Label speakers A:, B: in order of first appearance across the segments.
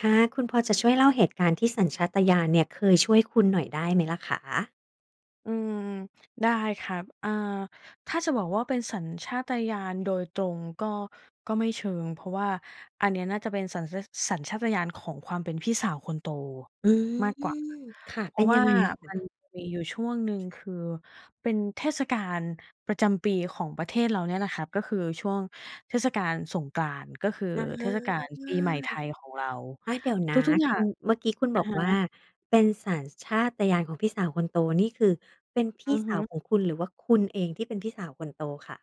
A: ค่ะ คุณพอจะช่วยเล่าเหตุการณ์ที่สัญชาตญาณเนี่ยเคยช่วยคุณหน่อยได้ไหมล่ะคะ?
B: อืม ได้ครับ อ่า ถ้าจะบอกว่าเป็นสัญชาตญาณโดยตรง ก็ ก็ไม่เชิง เพราะว่าอันเนี้ยน่าจะเป็นสัญชาต สัญชาตญาณของความเป็นพี่สาวคนโต
A: อืม
B: มากกว่า
A: ค่ะ
B: เพ
A: เป
B: รา
A: ็น
B: ะว
A: ยั
B: ่า
A: งไงอะค
B: มัน
A: ะ?
B: มีอยู่ช่วงหนึ่ง คือเป็นเทศกาลประจำปีของประเทศเราเนี่ยนะครับ ก็คือช่วงเทศกาลสงกรานต์ ก็คือ
A: อา
B: เทศกาลปีใหม่ไทยของเรา
A: อา เดี๋ยวน
B: ท
A: ะ
B: ุก ๆ อย่า
A: คุ
B: ง
A: ณ เมื่อกี้คุณ
B: อ
A: บ
B: ะ
A: อก
B: ฮ
A: ว่า
B: ะ
A: เป็นสัญชาตญาณของพี่สาวคนโตนี่ คือเป็นพี
B: อ
A: ่
B: ือ
A: ส
B: ฮ
A: า
B: ึ
A: วของคุณ หรือว่าคุณเองที่เป็นพี่สาวคนโตคะ?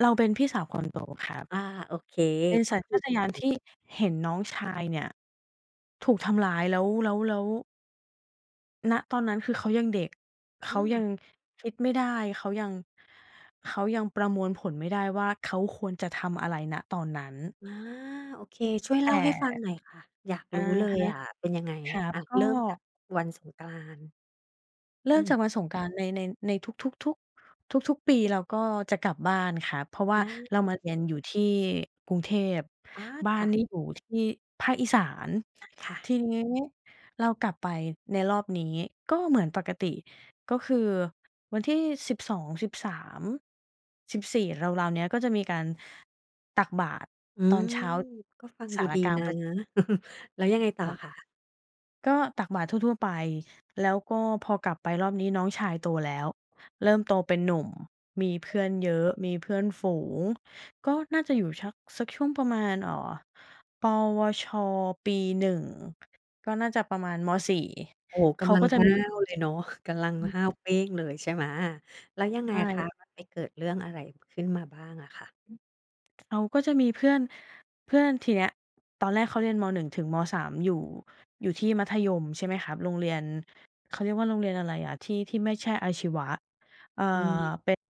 B: เราเป็นพี่สาว คนโตครับ
A: อา โอเค
B: เป็น
A: ก็
B: สัญ
A: ค
B: ช
A: ือ
B: าตญาณ ที่เห็นน้องชายเนี่ยถูกทำร้ายแล้ว แล้ว แล้ว ณ ตอนนั้นคือเขายังเด็ก เ
A: อ
B: ข
A: ื
B: ายั
A: ม
B: งคิดไม่ได้ เขายัง เขายังประมวลผลไม่ได้ว่าเขาควรจะทำอะไร ณ ตอนนั้น
A: อา โอเค ช่วยเ
B: แต
A: ล่า
B: ่
A: ให้ฟังหน่อยค่ะ อยาก
B: อ
A: ร
B: ะ
A: ู้เล
B: ฮ
A: ย
B: ะ
A: อะเป็นยังไง?
B: ครั
A: อ
B: บ
A: ่า
B: ก็
A: เริ่มจากวันสงกรานต์
B: เริ
A: อ
B: ่ม
A: ืม
B: จากวันสงกรานต์ใน ใน ในทุก ทุก ทุก ทุก ๆ ปีเราก็จะกลับบ้านครับ เพราะว่
A: อ
B: า
A: า
B: เรา
A: อื
B: ม
A: ม
B: าเรียนอยู่ที่กรุงเทพ
A: อ๋อ
B: บ้า
A: ค
B: น
A: ่ะ
B: นี่อยู่ที่ภาคอีสาน
A: อา ค่
B: ท
A: ะ
B: ีนี้เรากลับไปในรอบนี้ ก็เหมือนปกติ ก็คือวันที่ 12, 13, 14 ราว ๆ เนี้ย ก็จะมีการตักบาตร
A: อื
B: ตอ
A: ม
B: นเช้า
A: ก็ฟัง
B: ศ
A: ดู
B: าล
A: ด
B: า
A: ี
B: กลาง
A: นะ
B: ประ
A: แล้วยังไงต่อ
B: ครับ
A: คะ?
B: ก็ตักบาตรทั่ว ๆ ไป แล้วก็พอกลับไปรอบนี้น้องชายโตแล้ว เริ่มโตเป็นหนุ่ม มีเพื่อนเยอะ มีเพื่อนฝูง ก็น่าจะอยู่ชัก สักช่วงประมาณ เอ่อ ปวช. ปี 1 ก็น่าจะประมาณ ม. 4
A: โอ้ ก
B: เขา
A: ำลั
B: ก
A: ง
B: ็จะ
A: ห้
B: ม
A: า
B: ี
A: วเลยเนาะ กำลังห้าวเป้งเลยใช่ไหม? แล้วยัง
B: ใ
A: ไ
B: ช
A: ง
B: ่
A: คะ มันไปเกิดเรื่องอะไรขึ้นมาบ้างอะค่ะ?
B: เขาก็จะมีเพื่อน เพื่อน ทีเนี้ยตอนแรกเขาเรียน ม. 1 ถึง ม. 3 อยู่ อยู่ที่มัธยม ใช่ไหมครับ โรงเรียน เขาเรียกว่าโรงเรียนอะไรอะ ที่ ที่ไม่ใช่อาชีวะ อ่า
A: อืม
B: เป็น